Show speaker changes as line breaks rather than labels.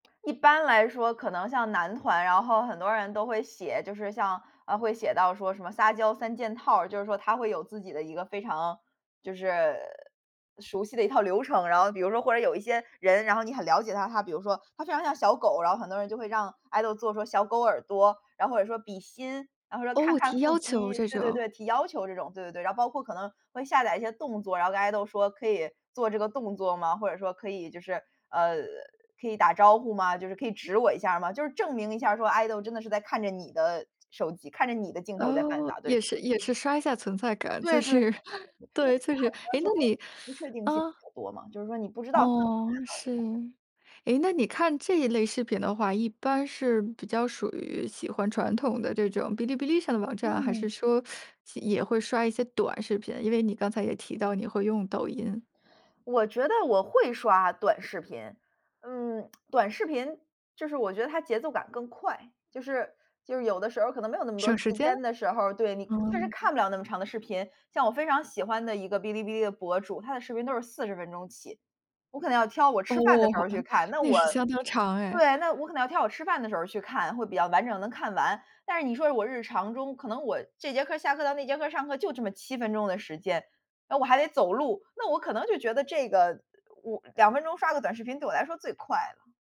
一般来说可能像男团，然后很多人都会写，就是像，呃，会写到说什么撒娇三件套儿，就是说他会有自己的一个非常，就是，熟悉的一套流程。然后比如说，或者有一些人，然后你很了解他，他比如说，他非常像小狗，然后很多人就会让 Idol 做说小狗耳朵，那或者说比心，然后或者说看
哦，
看
提
腹
要求
肌，
这
对对
种。
对，提要求这种，对对对。然后包括可能，会下载一些动作，然后跟 Idol 说可以做这个动作吗？或者说可以就是，呃可以打招呼吗？就是可以指我一下吗？就是证明一下说 Idol 真的是在看着你的手机，看着你的镜头在饭
哦，
撒，对。
也是也是刷一下存在感。就
对对。
是
因为
对，就是，
很多
哎，
时
那
候
你
不确 定性
嗯。
比较多嘛，就是说你不知道
哦，是。诶那你看这一类视频的话，一般是比较属于喜欢传统的这种哔哩哔哩上的网站，还是
嗯。
说 也会刷一些短视频，因为你刚才也提到你会用抖音。
我觉得我会刷短视频，嗯，短视频，就是我觉得它节奏感更快，就是就是有的时候可能没有那么多
省
时
时间？
间的时候儿，对，你确实
哦。
看不了那么长的视频。像我非常喜欢的一个哔哩哔哩的博主，他的视频都是40分钟起，我可能要挑我吃饭儿的时候
哦。
儿去 看。那
那
我，
是相当长哎。
对，那我可能要挑我吃饭儿的时候儿去看，会比较完整能看完。但是你说我日常中可能我这节课下课到那节课上课就这么7分钟的时间，然后我还得走路，那我可能就觉得这个我2分钟刷个短视频对我来说最快了。